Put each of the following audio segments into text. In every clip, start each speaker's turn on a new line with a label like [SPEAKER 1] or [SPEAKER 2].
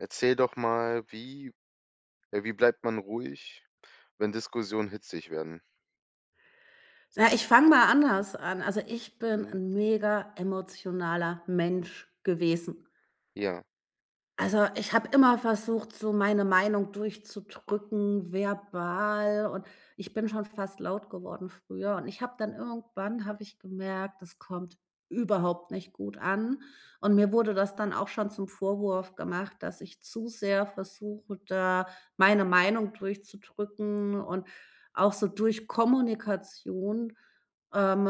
[SPEAKER 1] Erzähl doch mal: Wie ja, wie bleibt man ruhig, wenn Diskussionen hitzig werden?
[SPEAKER 2] Ja, ich fange mal anders an. Also, ich bin
[SPEAKER 1] Mhm.
[SPEAKER 2] 'n mega emotionaler Mensch gewesen.
[SPEAKER 1] Ja.
[SPEAKER 2] Also, ich habe immer versucht, so meine Meinung durchzudrücken, verbal, und ich bin schon fast laut geworden früher. Und ich habe dann irgendwann habe ich gemerkt, das kommt überhaupt nicht gut an und mir wurde das dann auch schon zum Vorwurf gemacht, dass ich zu sehr versuche, da meine Meinung durchzudrücken und auch so durch Kommunikation, ähm,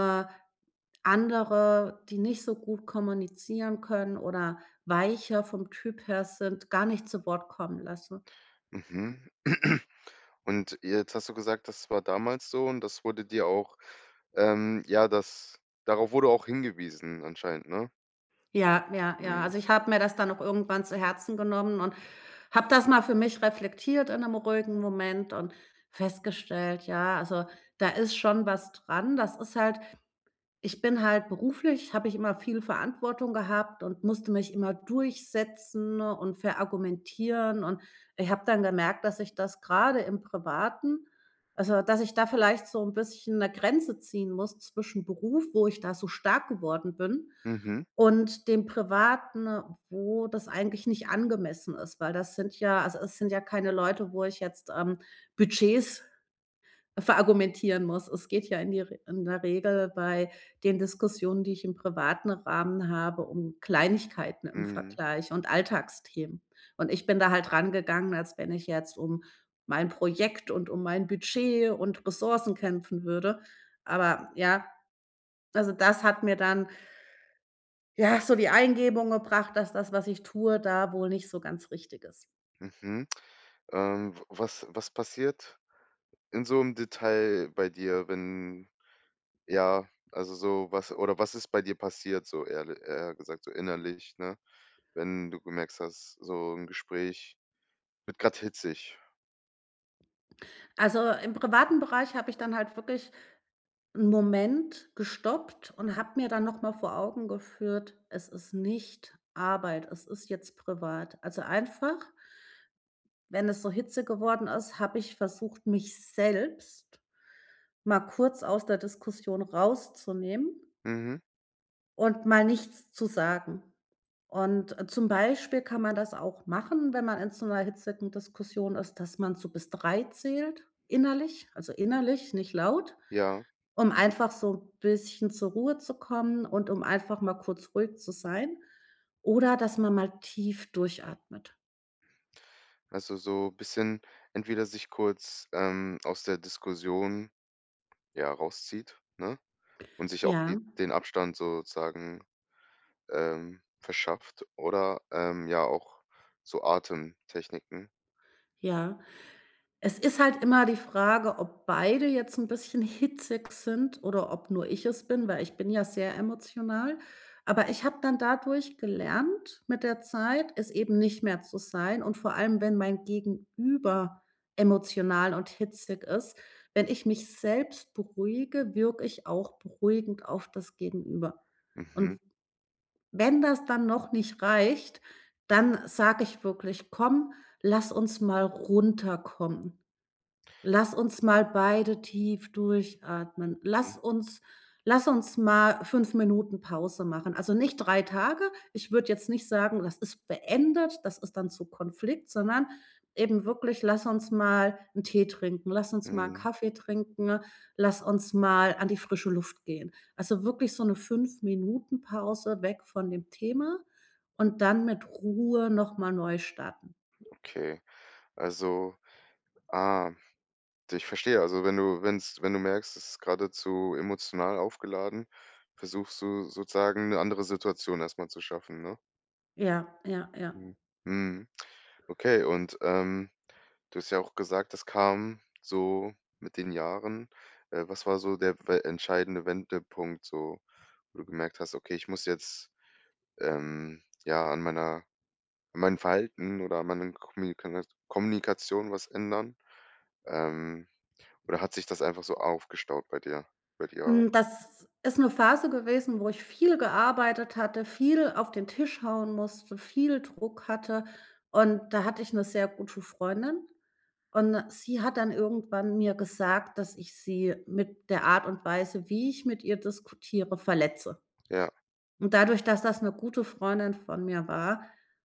[SPEAKER 2] andere, die nicht so gut kommunizieren können oder weicher vom Typ her sind, gar nicht zu Wort kommen lassen.
[SPEAKER 1] Mhm. Und jetzt hast du gesagt, das war damals so und das wurde dir auch, ähm ja, das darauf wurde auch hingewiesen anscheinend, ne?
[SPEAKER 2] Ja, ja, ja.
[SPEAKER 1] Mhm.
[SPEAKER 2] Also, ich habe mir das dann auch irgendwann zu Herzen genommen und habe das mal für mich reflektiert in 'nem ruhigen Moment und festgestellt: „Ja, also, da ist schon was dran.“ Das ist halt ich bin halt beruflich habe ich immer viel Verantwortung gehabt und musste mich immer durchsetzen und verargumentieren. Und ich habe dann gemerkt, dass ich das gerade im Privaten also, dass ich da vielleicht so 'n bisschen 'ne Grenze ziehen muss zwischen Beruf, wo ich da so stark geworden bin
[SPEAKER 1] Mhm.
[SPEAKER 2] und dem Privaten, wo das eigentlich nicht angemessen ist. Weil das sind ja also, es sind ja keine Leute, wo ich jetzt, ähm, Budgets verargumentieren muss. Es geht ja in die R in der Regel bei den Diskussionen, die ich im privaten Rahmen habe, um Kleinigkeiten im
[SPEAKER 1] Mhm.
[SPEAKER 2] Vergleich und Alltagsthemen. Und ich bin da halt rangegangen, als wenn ich jetzt um mein Projekt und mein Budget und Ressourcen kämpfen würde. Aber, ja, also, das hat mir dann ja, so die Eingebung gebracht, dass das, was ich tue, da wohl nicht so ganz richtig ist.
[SPEAKER 1] Mhm. Ähm, w was was passiert in so 'nem Detail bei dir, wenn, ja also, so, was oder was ist bei dir passiert so ehrle eher gesagt, so innerlich, ne, wenn du gemerkt hast, so 'n Gespräch wird grad hitzig?
[SPEAKER 2] Also, im privaten Bereich habe ich dann halt wirklich ‘n Moment gestoppt und habe mir dann noch mal vor Augen geführt, es ist nicht Arbeit, es ist jetzt privat. Also, einfach wenn es so Hitze geworden ist, habe ich versucht, mich selbst mal kurz aus der Diskussion rauszunehmen
[SPEAKER 1] Mhm.
[SPEAKER 2] und mal nichts zu sagen. Und, zum Beispiel, kann man das auch machen, wenn man in so ‘ner hitzigen Diskussion ist, dass man so bis 3 zählt, innerlich. Also, innerlich, nicht laut,
[SPEAKER 1] Ja.
[SPEAKER 2] um einfach so bisschen zur Ruhe zu kommen und um einfach mal kurz ruhig zu sein oder dass man mal tief durchatmet.
[SPEAKER 1] Also, so bisschen entweder sich kurz, ähm, aus der Diskussion, ja, rauszieht, ne, und sich auch
[SPEAKER 2] Ja.
[SPEAKER 1] die den Abstand sozusagen, ähm, verschafft oder, ähm, ja auch so Atemtechniken.
[SPEAKER 2] Ja, es ist halt immer die Frage, ob beide jetzt ‘n bisschen hitzig sind oder ob nur ich es bin, weil ich bin ja sehr emotional. Aber, ich habe dann dadurch gelernt mit der Zeit, es eben nicht mehr zu sein und vor allem, wenn mein Gegenüber emotional und hitzig ist, wenn ich mich selbst beruhige, wirke ich auch beruhigend auf das Gegenüber. Und,
[SPEAKER 1] Mhm.
[SPEAKER 2] wenn das dann noch nicht reicht, dann sage ich wirklich: „Komm, lass uns mal runterkommen. Lass uns mal beide tief durchatmen. Lass
[SPEAKER 1] Hm.
[SPEAKER 2] uns lass uns mal 5 Minuten Pause machen.“ Also, nicht 3 Tage, ich würde jetzt nicht sagen, das ist beendet, das ist dann zu Konflikt, sondern eben wirklich: „Lass uns mal ‘n Tee trinken, lass uns mal ‘n
[SPEAKER 1] Mhm.
[SPEAKER 2] Kaffee trinken, lass uns mal an die frische Luft gehen.“ Also, wirklich so ‘ne 5 Minuten Pause weg von dem Thema und dann mit Ruhe noch mal neu starten.
[SPEAKER 1] Okay, also ah, ich verstehe. Also, wenn du wenn‘s wenn du merkst, es ist geradezu emotional aufgeladen, versuchst du sozusagen ‘ne andere Situation erst mal zu schaffen, ne?
[SPEAKER 2] Ja, ja, ja.
[SPEAKER 1] Ja, mhm. Okay und, ähm, du hast ja auch gesagt: „Das kam so mit den Jahren“. Äh, was war so der w der entscheidende Wendepunkt so, wo du gemerkt hast: „Okay, ich muss jetzt, ähm, ja, an meiner an meinem Verhalten oder an meinen Kommunika Kommunikation was ändern“, ähm, oder hat sich das einfach so aufgestaut bei dir bei dir?
[SPEAKER 2] Hm, das ist 'ne Phase gewesen, wo ich viel gearbeitet hatte, viel auf den Tisch hauen musste, viel Druck hatte und da hatte ich 'ne sehr gute Freundin. Und 'ne sie hat dann irgendwann mir gesagt, dass ich sie mit der Art und Weise, wie ich mit ihr diskutiere, verletze.
[SPEAKER 1] Ja.
[SPEAKER 2] Und dadurch, dass das 'ne gute Freundin von mir war,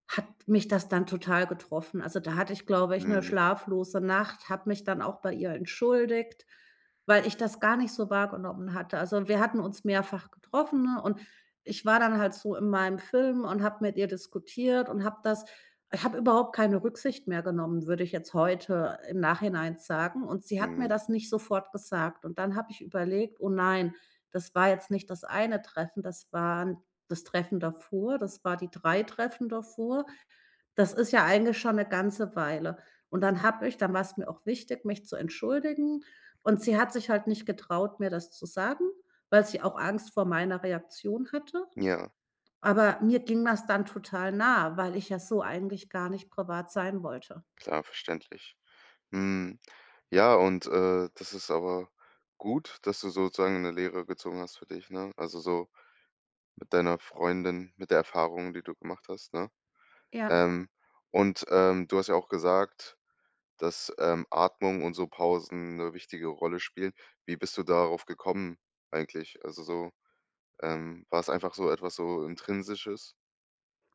[SPEAKER 2] hat mich das dann total getroffen. Also, da hatte ich, glaube ich, 'ne
[SPEAKER 1] Mhm.
[SPEAKER 2] schlaflose Nacht, habe mich dann auch bei ihr entschuldigt, weil ich das gar nicht so wahrgenommen hatte. Also, wir hatten uns mehrfach getroffen, ne, und ich war dann halt so in meinem Film und habe mit ihr diskutiert und habe das habe überhaupt keine Rücksicht mehr genommen, würde ich jetzt heute im Nachhinein sagen. Und sie hat mir
[SPEAKER 1] Mhm.
[SPEAKER 2] das nicht sofort gesagt und dann habe ich überlegt: „Oh nein, das war jetzt nicht das eine Treffen, das waren das Treffen davor, das war die 3 Treffen davor“. Das ist ja eigentlich schon 'ne ganze Weile. Und dann habe ich dann war's mir auch wichtig, mich zu entschuldigen. Und sie hat sich halt nicht getraut, mir das zu sagen, weil sie auch Angst vor meiner Reaktion hatte.
[SPEAKER 1] Ja.
[SPEAKER 2] Aber mir ging das dann total nah, weil ich ja so eigentlich gar nicht privat sein wollte.
[SPEAKER 1] Klar, verständlich. Mhm. Ja, und, äh, das ist aber gut, dass du sozusagen 'ne Lehre gezogen hast für dich, ne? Also, so mit deiner Freundin, mit der Erfahrungen, die du gemacht hast, ne?
[SPEAKER 2] Ja.
[SPEAKER 1] Ähm, und, ähm, du hast ja auch gesagt, dass, ähm, „Atmung und so Pausen 'ne wichtige Rolle spielen“. Wie bist du darauf gekommen eigentlich? Also, so, ähm, war's einfach so etwas so Intrinsisches?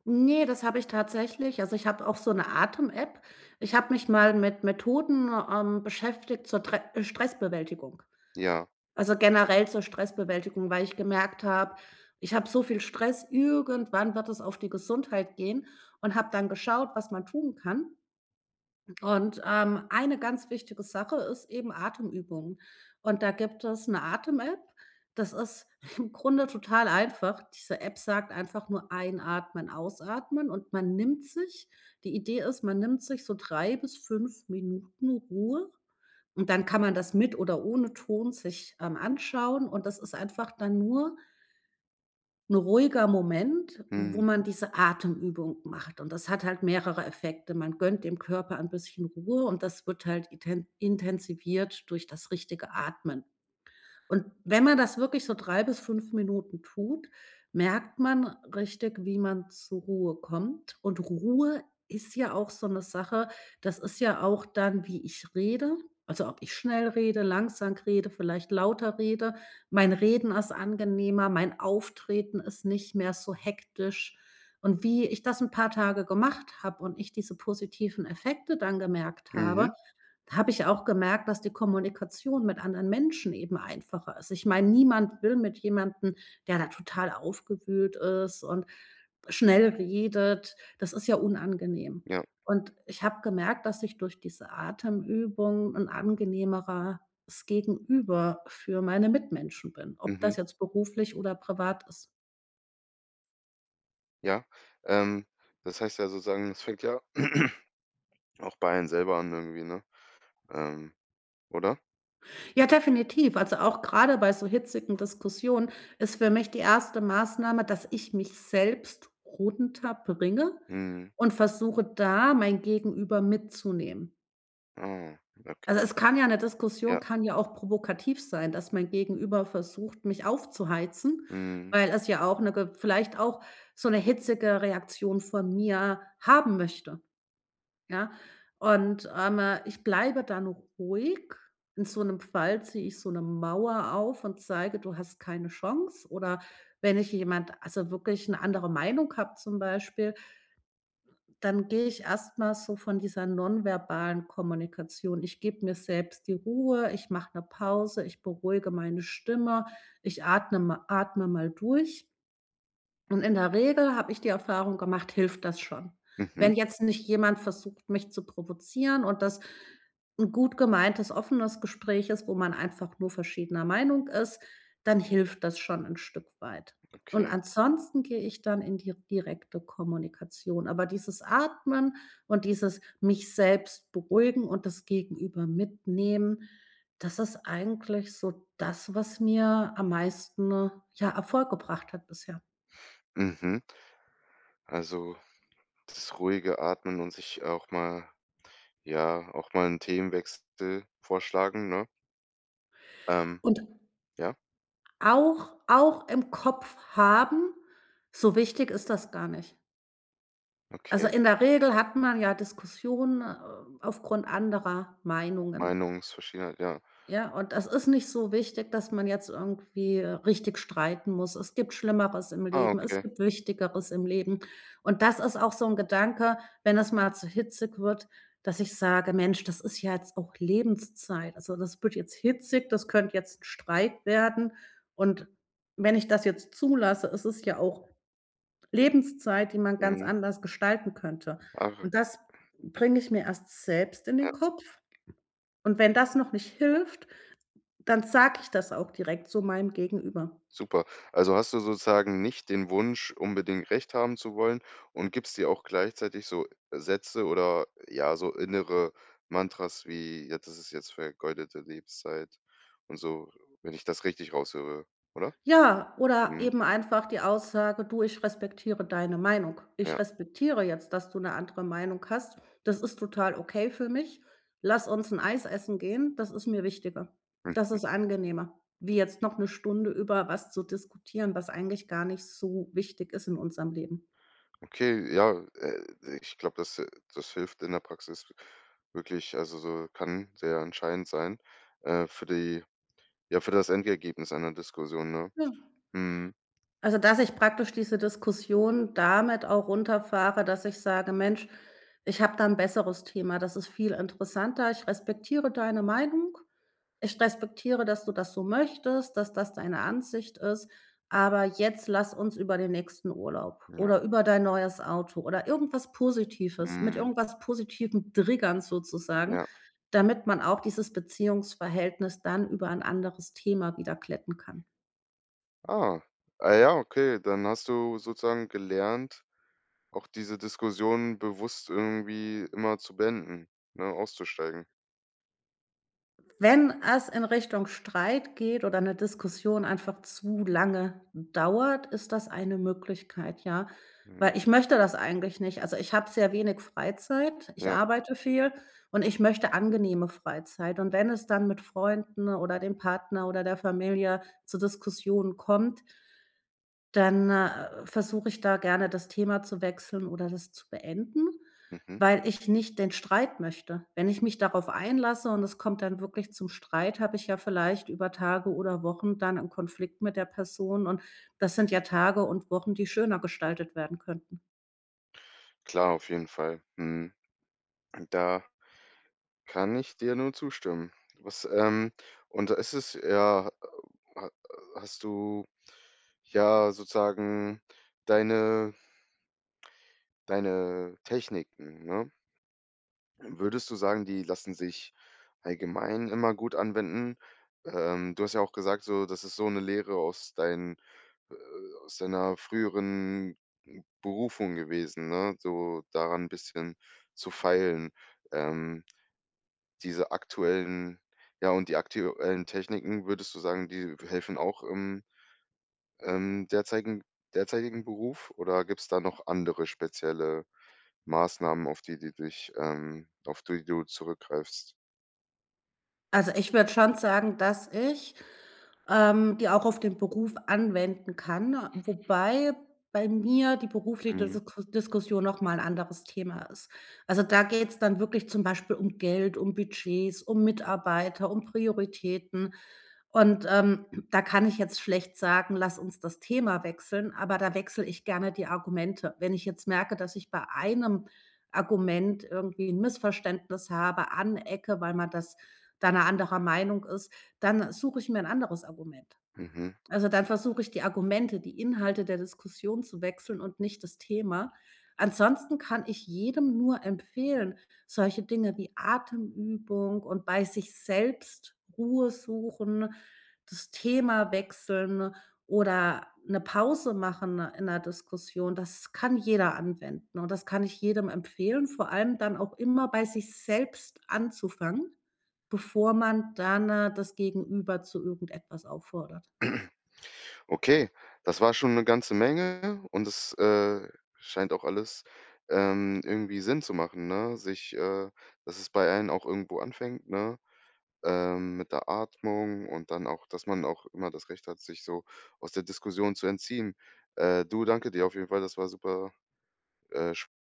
[SPEAKER 2] Ne, das habe ich tatsächlich. Also, ich habe auch so 'ne Atem App. Ich habe mich mal mit Methoden, ähm, beschäftigt zur tre Stressbewältigung.
[SPEAKER 1] Ja.
[SPEAKER 2] Also, generell zur Stressbewältigung, weil ich gemerkt habe, ich habe so viel Stress, irgendwann wird es auf die Gesundheit gehen und habe dann geschaut, was man tun kann. Und, ähm, eine ganz wichtige Sache ist eben Atemübungen. Und da gibt es 'ne Atem App, das ist im Grunde total einfach. Diese App sagt einfach nur: „Einatmen, ausatmen“ und man nimmt sich die Idee ist, man nimmt sich so 3 bis 5 Minuten Ruhe und dann kann man das mit oder ohne Ton sich, ähm, anschauen. Und das ist einfach dann nur 'n ruhiger Moment, wo
[SPEAKER 1] Mhm.
[SPEAKER 2] man diese Atemübung macht. Und das hat halt mehrere Effekte. Man gönnt dem Körper ein bisschen Ruhe und das wird halt iten intensiviert durch das richtige Atmen. Und wenn man das wirklich so 3 bis 5 Minuten tut, merkt man richtig, wie man zu Ruhe kommt. Und Ruhe ist ja auch so 'ne Sache, das ist ja auch dann, wie ich rede. Also, ob ich schnell rede, langsam rede, vielleicht lauter rede. Mein Reden ist angenehmer, mein Auftreten ist nicht mehr so hektisch. Und wie ich das 'n paar Tage gemacht habe und ich diese positiven Effekte dann gemerkt habe,
[SPEAKER 1] Mhm.
[SPEAKER 2] habe ich auch gemerkt, dass die Kommunikation mit anderen Menschen eben einfacher ist. Ich meine, niemand will mit jemandem, der da total aufgewühlt ist und schnell redet. Das ist ja unangenehm.
[SPEAKER 1] Ja.
[SPEAKER 2] Und ich habe gemerkt, dass ich durch diese Atemübung 'n angenehmeres Gegenüber für meine Mitmenschen bin, ob
[SPEAKER 1] Mhm.
[SPEAKER 2] das jetzt beruflich oder privat ist.
[SPEAKER 1] Ja, ähm, das heißt ja sozusagen, es fängt ja auch bei einem selber an irgendwie, ne? Ähm, oder?
[SPEAKER 2] Ja, definitiv, also auch grade bei so hitzigen Diskussionen ist für mich die 1. Maßnahme, dass ich mich selbst runterbringe
[SPEAKER 1] Mhm.
[SPEAKER 2] und versuche, da mein Gegenüber mitzunehmen.
[SPEAKER 1] Ah
[SPEAKER 2] Also
[SPEAKER 1] okay.
[SPEAKER 2] es kann ja 'ne Diskussion
[SPEAKER 1] Ja.
[SPEAKER 2] kann ja auch provokativ sein, dass mein Gegenüber versucht, mich aufzuheizen,
[SPEAKER 1] Mhm.
[SPEAKER 2] weil es ja auch 'ne ge vielleicht auch so 'ne hitzige Reaktion von mir haben möchte, ja? Und, ähm, ich bleibe dann ruhig. In so 'nem Fall ziehe ich so 'ne Mauer auf und zeige: „Du hast keine Chance.“ Oder wenn ich jemand also wirklich 'ne andere Meinung habe zum Beispiel dann gehe ich erst mal so von dieser nonverbalen Kommunikation. Ich gebe mir selbst die Ruhe, ich mache 'ne Pause, ich beruhige meine Stimme, ich atne mal atme mal durch. Und in der Regel habe ich die Erfahrung gemacht, hilft das schon.
[SPEAKER 1] Mhm.
[SPEAKER 2] Wenn jetzt nicht jemand versucht, mich zu provozieren und das 'n gut gemeintes, offenes Gespräch ist, wo man einfach nur verschiedener Meinung ist, dann hilft das schon 'n Stück weit. Und
[SPEAKER 1] Okay.
[SPEAKER 2] ansonsten gehe ich dann in die direkte Kommunikation. Aber dieses Atmen und dieses mich selbst beruhigen und das Gegenüber mitnehmen, das ist eigentlich so das, was mir am meisten, ja, Erfolg gebracht hat bisher.
[SPEAKER 1] Mhm. Also das ruhige Atmen und sich auch mal ja, auch mal 'n Themenwechsel vorschlagen, ne? Ähm.
[SPEAKER 2] Und
[SPEAKER 1] Ja?
[SPEAKER 2] auch auch im Kopf haben, so wichtig ist das gar nicht. Also,
[SPEAKER 1] Okay.
[SPEAKER 2] in der Regel hat man ja Diskussionen, äh, aufgrund anderer Meinungen.
[SPEAKER 1] Meinungsverschiedenheit, ja.
[SPEAKER 2] Ja, und das ist nicht so wichtig, dass man jetzt irgendwie, äh, richtig streiten muss. Es gibt Schlimmeres im
[SPEAKER 1] Ah,
[SPEAKER 2] Leben, es
[SPEAKER 1] okay.
[SPEAKER 2] gibt Wichtigeres im Leben. Und, das ist auch so 'n Gedanke, wenn das mal zu hitzig wird, dass ich sage: „Mensch, das ist ja jetzt auch Lebenszeit. Also, das wird jetzt hitzig, das könnt jetzt Streit werden und wenn ich das jetzt zulasse, es ist ja auch Lebenszeit, die man ganz
[SPEAKER 1] Mhm.
[SPEAKER 2] anders gestalten könnte.“
[SPEAKER 1] Arre
[SPEAKER 2] Und, das bringe ich mir erst selbst in
[SPEAKER 1] Ja.
[SPEAKER 2] den Kopf und wenn das noch nicht hilft, dann sage ich das auch direkt zu meinem Gegenüber.
[SPEAKER 1] Super. Also, hast du sozusagen nicht den Wunsch, unbedingt Recht haben zu wollen und gibst dir auch gleichzeitig so Sätze oder, ja, so innere Mantras wie: „Jetzt ist es jetzt vergeudete Lebenszeit“ und so, wenn ich das richtig raushöre, oder?
[SPEAKER 2] Ja, oder
[SPEAKER 1] Mhm.
[SPEAKER 2] eben einfach die Aussage: „Du, ich respektiere deine Meinung. Ich
[SPEAKER 1] Ja.
[SPEAKER 2] respektiere jetzt, dass du 'ne andere Meinung hast. Das ist total okay für mich. Lass uns 'n Eis essen gehen, das ist mir wichtiger.“ Das
[SPEAKER 1] Mhm.
[SPEAKER 2] ist angenehmer, wie jetzt noch 'ne Stunde über was zu diskutieren, was eigentlich gar nicht so wichtig ist in unserem Leben.
[SPEAKER 1] Okay, ja, äh äh, ich glaube, das, äh das hilft in der Praxis w wirklich. Also, so kann sehr entscheidend sein, äh, für die ja, für das Endergebnis einer Diskussion, ne?
[SPEAKER 2] Ja.
[SPEAKER 1] Mhm.
[SPEAKER 2] Also, dass ich praktisch diese Diskussionen damit auch runterfahre, dass ich sage: „Mensch, ich habe da 'n besseres Thema, das ist viel interessanter. Ich respektiere deine Meinung. Ich respektiere, dass du das so möchtest, dass das deine Ansicht ist, aber jetzt lass uns über den nächsten Urlaub
[SPEAKER 1] Ja.
[SPEAKER 2] oder über dein neues Auto oder irgendwas Positives“ mit
[SPEAKER 1] Mhm.
[SPEAKER 2] irgendwas positivem Triggern sozusagen,
[SPEAKER 1] Ja.
[SPEAKER 2] damit man auch dieses Beziehungsverhältnis dann über ein anderes Thema wieder glätten kann.
[SPEAKER 1] Ah. Ah ja, okay, dann hast du sozusagen gelernt, auch diese Diskussionen bewusst irgendwie immer zu beenden, ne, auszusteigen?
[SPEAKER 2] Wenn es in Richtung Streit geht oder 'ne Diskussion einfach zu lange dauert, ist das eine Möglichkeit, ja.
[SPEAKER 1] Mhm.
[SPEAKER 2] Weil ich möchte das eigentlich nicht, also ich habe sehr wenig Freizeit, ich
[SPEAKER 1] Ja.
[SPEAKER 2] arbeite viel und ich möchte angenehme Freizeit. Und wenn es dann mit Freunden oder dem Partner oder der Familie zu Diskussionen kommt dann, äh, versuche ich da gerne das Thema zu wechseln oder das zu beenden,
[SPEAKER 1] Mhm.
[SPEAKER 2] weil ich nicht den Streit möchte. Wenn ich mich darauf einlasse und es kommt dann wirklich zum Streit, habe ich ja vielleicht über Tage oder Wochen dann 'n Konflikt mit der Person und das sind ja Tage und Wochen, die schöner gestaltet werden könnten.
[SPEAKER 1] Klar, auf jeden Fall. Mhm. Hm, da kann ich dir nur zustimmen. Was, ähm und ist es ja äh, ha hast du ja sozusagen deine deine Techniken, ne? Würdest du sagen, die lassen sich allgemein immer gut anwenden? Ähm, du hast ja auch gesagt so, das ist so 'ne Lehre aus dein äh, aus deiner früheren Berufung gewesen, ne? So, daran n' bisschen zu feilen. Ähm, diese aktuellen ja, und die aktuellen Techniken, würdest du sagen, die helfen auch im, ähm, derzeigig derzeitigen Beruf oder gibt's da noch andere spezielle Maßnahmen, auf die die dich ähm, auf die du zurückgreifst?
[SPEAKER 2] Also, ich würde schon sagen, dass ich, ähm, die auch auf den Beruf anwenden kann, wobei bei mir die berufli
[SPEAKER 1] Mhm.
[SPEAKER 2] desoko Diskussion noch mal ‘n anderes Thema ist. Also, da geht's dann wirklich zum Beispiel um Geld, um Budgets, um Mitarbeiter, um Prioritäten. Und, ähm, da kann ich jetzt schlecht sagen, lass uns das Thema wechseln, aber da wechsle ich gerne die Argumente. Wenn ich jetzt merke, dass ich bei einem Argument irgendwie ‘n Missverständnis habe, anecke, weil man das da ‘ner anderer Meinung ist, dann suche ich mir ‘n anderes Argument.
[SPEAKER 1] Mhm.
[SPEAKER 2] Also, dann versuche ich die Argumente, die Inhalte der Diskussion zu wechseln und nicht das Thema. Ansonsten kann ich jedem nur empfehlen, solche Dinge wie Atemübung und bei sich selbst Ruhe suchen, das Thema wechseln oder ‘ne Pause machen in ‘ner Diskussion, das kann jeder anwenden und, das kann ich jedem empfehlen, vor allem dann auch immer bei sich selbst anzufangen, bevor man dann das Gegenüber zu irgendetwas auffordert.
[SPEAKER 1] Okay, das war schon ‘ne ganze Menge und es, äh, scheint auch alles, ähm, irgendwie Sinn zu machen, ne, sich, äh dass es bei einen auch irgendwo anfängt, ne? Ähm, mit der Atmung und dann auch dass man auch immer das Recht hat, sich so aus der Diskussion zu entziehen. Äh, du, danke dir auf jeden Fall, das war super, äh, sch